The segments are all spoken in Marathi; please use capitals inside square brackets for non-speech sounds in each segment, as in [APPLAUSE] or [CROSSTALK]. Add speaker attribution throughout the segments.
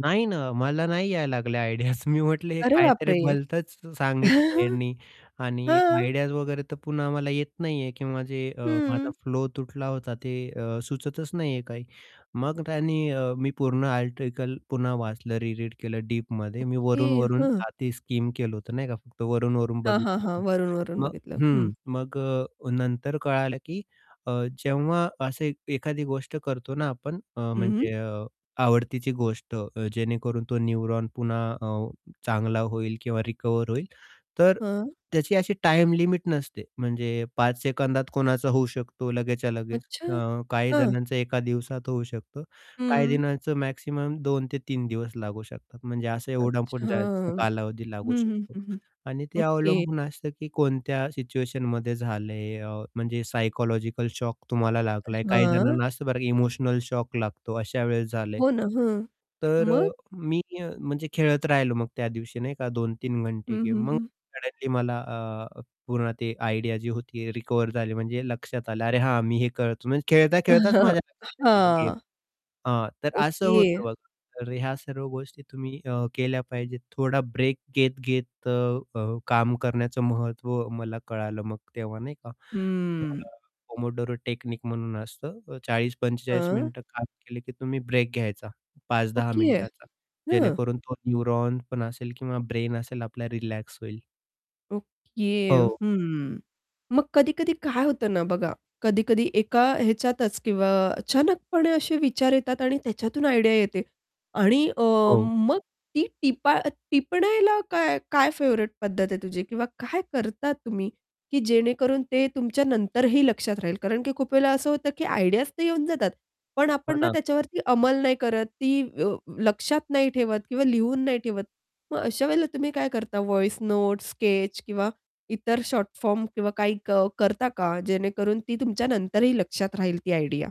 Speaker 1: नाही ना, मला नाही यायला लागल्या आयडियाज मी म्हटलं हे
Speaker 2: अरे
Speaker 1: काहीतरी
Speaker 2: बापरे!
Speaker 1: भलतंच सांगितलं
Speaker 2: [CHUCKLES]
Speaker 1: ह्यांनी आणि
Speaker 2: हां.
Speaker 1: आयडियाज वगैरे तर पुन्हा मला येत नाही आहे किंवा जे अ, माझा
Speaker 2: हं.
Speaker 1: फ्लो तुटला होता ते अ, सुचतच नाही आहे काही. मग त्यांनी अ, मी पूर्ण आर्टिकल पुन्हा वाचलं री रीड केलं डीपमध्ये. मी
Speaker 2: ओके,
Speaker 1: वरून-वरून
Speaker 2: हं.
Speaker 1: आती स्कीम केलं होतं नाही का, फक्त वरून-वरून
Speaker 2: हां, हां,
Speaker 1: बघितलं
Speaker 2: हां,
Speaker 1: होतं.
Speaker 2: वरून-वरून
Speaker 1: मग
Speaker 2: बघितलं. हं.
Speaker 1: हं, मग अ, नंतर कळालं की अ, जेव्हा असं एखादी गोष्ट करतो ना आपण अ,
Speaker 2: हं, हं.
Speaker 1: म्हणजे अ, आवडतीची गोष्ट अ, जेणेकरून तो न्यूरॉन पुन्हा अ, चांगला होईल किंवा रिकव्हर होईल, तर
Speaker 2: हं.
Speaker 1: त्याची अशी टाईम लिमिट नसते म्हणजे 5 सेकंदात कोणाचा होऊ शकतो, लगेचच्या लगेच
Speaker 2: अच्छा,
Speaker 1: अ, काही
Speaker 2: हां.
Speaker 1: जणांचा एका दिवसात होऊ शकत, काही
Speaker 2: हं.
Speaker 1: जणांचं मॅक्सिमम 2 ते 3 दिवस लागू शकतात म्हणजे असं एवढा
Speaker 2: अच्छा!
Speaker 1: पण जास्त
Speaker 2: हं,
Speaker 1: कालावधी लागू
Speaker 2: हं,
Speaker 1: शकतो
Speaker 2: हं, हं.
Speaker 1: आणि ते
Speaker 2: ओके.
Speaker 1: अवलंबून असतं की कोणत्या सिच्युएशनमध्ये झालंय अ, म्हणजे सायकॉलॉजिकल शॉक तुम्हाला लागलाय. काही
Speaker 2: हां.
Speaker 1: जणांना असतं बरं इमोशनल शॉक लागतो अशा वेळेस झालंय.
Speaker 2: हो ना, हं.
Speaker 1: तर अ,
Speaker 2: मग?
Speaker 1: मी अ, म्हणजे खेळत राहिलो मग त्या दिवशी नाही का 2-3
Speaker 2: हं,
Speaker 1: घंटे
Speaker 2: हं,
Speaker 1: गेम मग
Speaker 2: हं.
Speaker 1: सडनली मला अ, पूर्ण ते आयडिया जी होती रिकव्हर झाली म्हणजे लक्षात आलं अरे हां, मी हे करतो म्हणजे खेळता-खेळताच
Speaker 2: [CHUCKLES]
Speaker 1: माझ्या लक्षात आलं गेम.
Speaker 2: हां.
Speaker 1: हां, तर असं
Speaker 2: ओके.
Speaker 1: होतं बघा. तर ह्या सर्व गोष्टी तुम्ही अ, केल्या पाहिजेत. थोडा ब्रेक घेत-घेत अ, अ, काम करण्याचं महत्व मला कळालं मग तेव्हा, नाही का?
Speaker 2: हं.
Speaker 1: थोडं पोमोडोरो टेक्निक म्हणून असतं अ, 40-45
Speaker 2: हां.
Speaker 1: मिनिटं काम केलं की तुम्ही ब्रेक घ्यायचा, 5-10
Speaker 2: ओके,
Speaker 1: मिनिटाचा,
Speaker 2: हं.
Speaker 1: जेणेकरून तो न्यूरॉन पण असेल किंवा ब्रेन असेल आपला रिलॅक्स होईल.
Speaker 2: ओके,
Speaker 1: हो.
Speaker 2: हं. मग कधी-कधी काय होतं ना बघा कधी-कधी एका ह्याच्यातच किंवा अचानकपणे असे विचार येतात आणि त्याच्यातून आयडिया येते आणि अ,
Speaker 1: हो.
Speaker 2: मग ती टिपा टिपण्याला काय काय फेव्हरेट पद्धत आहे तुझी किंवा काय करता तुम्ही की जेणेकरून ते तुमच्या नंतरही लक्षात राहील. कारण की खूप वेळेला असं होतं की आयडियाज तर येऊन जातात, पण
Speaker 1: हो
Speaker 2: आपण ना
Speaker 1: ना.
Speaker 2: त्याच्यावरती अंमल नाही करत ती व लक्षात नाही ठेवत किंवा लिहून नाही ठेवत. मग अशा वेळेला तुम्ही काय करता व्हॉइस नोट्स, स्केच किंवा इतर शॉर्ट फॉर्म किंवा काही क करता का जेणेकरून ती तुमच्या नंतरही लक्षात राहील ती आयडिया?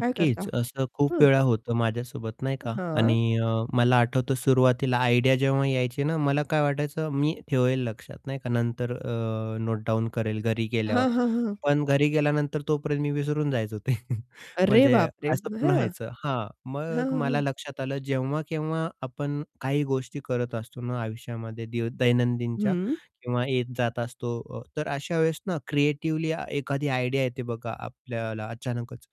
Speaker 2: काय करता?
Speaker 1: असं खूप
Speaker 2: हं.
Speaker 1: वेळा होतं माझ्यासोबत नाही का
Speaker 2: हां.
Speaker 1: आणि अ, मला आठवतं सुरुवातीला आयडिया जेव्हा यायची ना, मला काय वाटायचं मी ठेवेल लक्षात, नाही का, नंतर अ, नोट डाउन करेल घरी
Speaker 2: हां,
Speaker 1: गेल्यावर.
Speaker 2: हां, हां.
Speaker 1: पण घरी गेल्यानंतर तोपर्यंत मी विसरून जायचो ते [CHUCKLES]
Speaker 2: अरे
Speaker 1: म्हणजे
Speaker 2: बापरे!
Speaker 1: असं पण
Speaker 2: हां.
Speaker 1: व्हायचं हां,
Speaker 2: हां,
Speaker 1: मग
Speaker 2: हां,
Speaker 1: मला
Speaker 2: हां.
Speaker 1: लक्षात आलं जेव्हा केव्हा आपण काही गोष्टी करत असतो ना आयुष्यामध्ये दै दैनंदिनच्या
Speaker 2: हं.
Speaker 1: किंवा येत-जात असतो, अ, तर अशा वेळेस ना क्रिएटिव्हली एखादी आयडिया येते बघा आपल्याला अचानकच.